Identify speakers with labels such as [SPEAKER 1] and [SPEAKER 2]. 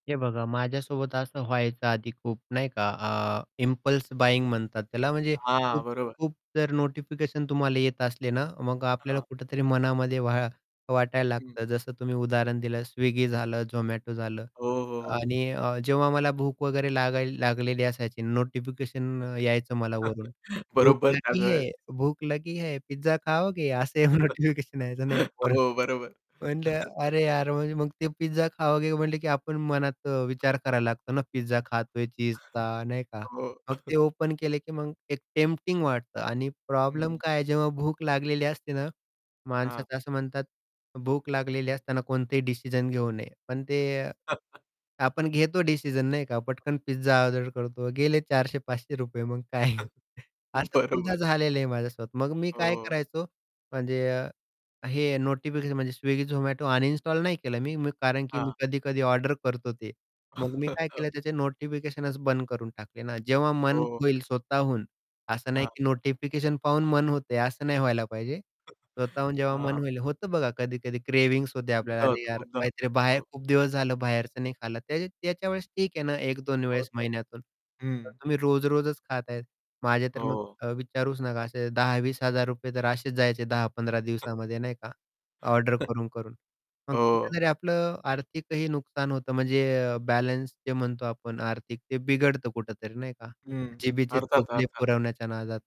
[SPEAKER 1] हे बघा माझ्यासोबत असं व्हायचं आधी खूप नाही का. अ, इम्पल्स बाईंग म्हणतात त्याला म्हणजे
[SPEAKER 2] हां,
[SPEAKER 1] खूप
[SPEAKER 2] बरोबर.
[SPEAKER 1] खूप जर नोटिफिकेशन तुम्हाला येत असले ना, मग आपल्याला
[SPEAKER 2] हां.
[SPEAKER 1] कुठेतरी मनामध्ये व्हा वाटायला
[SPEAKER 2] हं.
[SPEAKER 1] लागतं. जसं तुम्ही उदाहरण दिलं स्विगी झालं झोमॅटो झालं
[SPEAKER 2] हो, हो, हो.
[SPEAKER 1] आणि अ, जेव्हा मला भूक वगैरे लागायला लागलेली असायची नोटिफिकेशन यायचं मला वरून. भूक
[SPEAKER 2] बरोबर त्याच
[SPEAKER 1] लगी
[SPEAKER 2] वेळेस.
[SPEAKER 1] है? भूक लगी है? पिझ्झा खाओगे? असं नोटिफिकेशन यायचं नाही का वरून.
[SPEAKER 2] हो, बरोबर.
[SPEAKER 1] म्हटलं अरे यार म मग ते पिझ्झा खाओगे? म्हंटले की आपण मनात अ, विचार करायला लागतो ना पिझ्झा खातोय चीझचा, नाही का.
[SPEAKER 2] हो.
[SPEAKER 1] मग ते ओपन केले की मग एक टेम्प्टिंग वाटतं आणि प्रॉब्लेम
[SPEAKER 2] हं.
[SPEAKER 1] काय आहे जेव्हा भूक लागलेली असते ना,
[SPEAKER 2] हां.
[SPEAKER 1] माणसाचं असं म्हणतात भूक लागलेली असताना कोणतेही डिसिजन घेऊ नये. पण ते अ, आपण घेतो डिसिजन नाही का, पटकन पिझ्झा ऑर्डर करतो, गेले ₹400-₹500 मग काय. असं खूपदा
[SPEAKER 2] बरोबर.
[SPEAKER 1] झालेलं आहे माझ्यासोबत. मग मी काय
[SPEAKER 2] हो.
[SPEAKER 1] करायचो, म्हणजे अ, हे नोटिफिकेशन म्हणजे स्विगी, झोमॅटो अनइन्स्टॉल नाही केलं मी, मी कारण की मी
[SPEAKER 2] हां.
[SPEAKER 1] कधी-कधी ऑर्डर करतो ते. मग मी काय केलं त्याचे नोटिफिकेशनच बंद करून टाकले ना, जेव्हा मन
[SPEAKER 2] हो.
[SPEAKER 1] होईल स्वतःहून असं नाही
[SPEAKER 2] हां.
[SPEAKER 1] की नोटिफिकेशन पाहून मन होते, असं नाही व्हायला पाहिजे. स्वतःहून जेव्हा मन
[SPEAKER 2] हां.
[SPEAKER 1] होईल. होतं बघा कधी-कधी क्रेव्हिंग्स होते आपल्याला,
[SPEAKER 2] खूपदा
[SPEAKER 1] "अरे
[SPEAKER 2] होतं,
[SPEAKER 1] यार
[SPEAKER 2] खूपदा होतं,
[SPEAKER 1] काहीतरी बाहेर
[SPEAKER 2] हो.
[SPEAKER 1] खूप दिवस झालं, बाहेरचं नाही खाल्लं." त्या त्याच्यावेळेस ठीक आहे ना, 1-2 वेळेस
[SPEAKER 2] होतं,
[SPEAKER 1] महिन्यातून. तर
[SPEAKER 2] हं.
[SPEAKER 1] तुम्ही रोज रोजच खात आहेत, माझे तर मग
[SPEAKER 2] हो.
[SPEAKER 1] विचारूच नका असे ₹10,000-₹20,000 तर असेच जायचे 10-15 दिवसामध्ये नाही का, ऑर्डर
[SPEAKER 2] हं.
[SPEAKER 1] करून-करून. मग
[SPEAKER 2] हो.
[SPEAKER 1] कुठेतरी आपलं आर्थिकही नुकसान होतं म्हणजे अ, बॅलन्स जे म्हणतो आपण आर्थिक ते बिघडतं कुठेतरी नाही का.
[SPEAKER 2] हं.
[SPEAKER 1] जिभेचे
[SPEAKER 2] अर्थात,
[SPEAKER 1] चोचले
[SPEAKER 2] अर्थात.
[SPEAKER 1] पुरवण्याच्या नादात.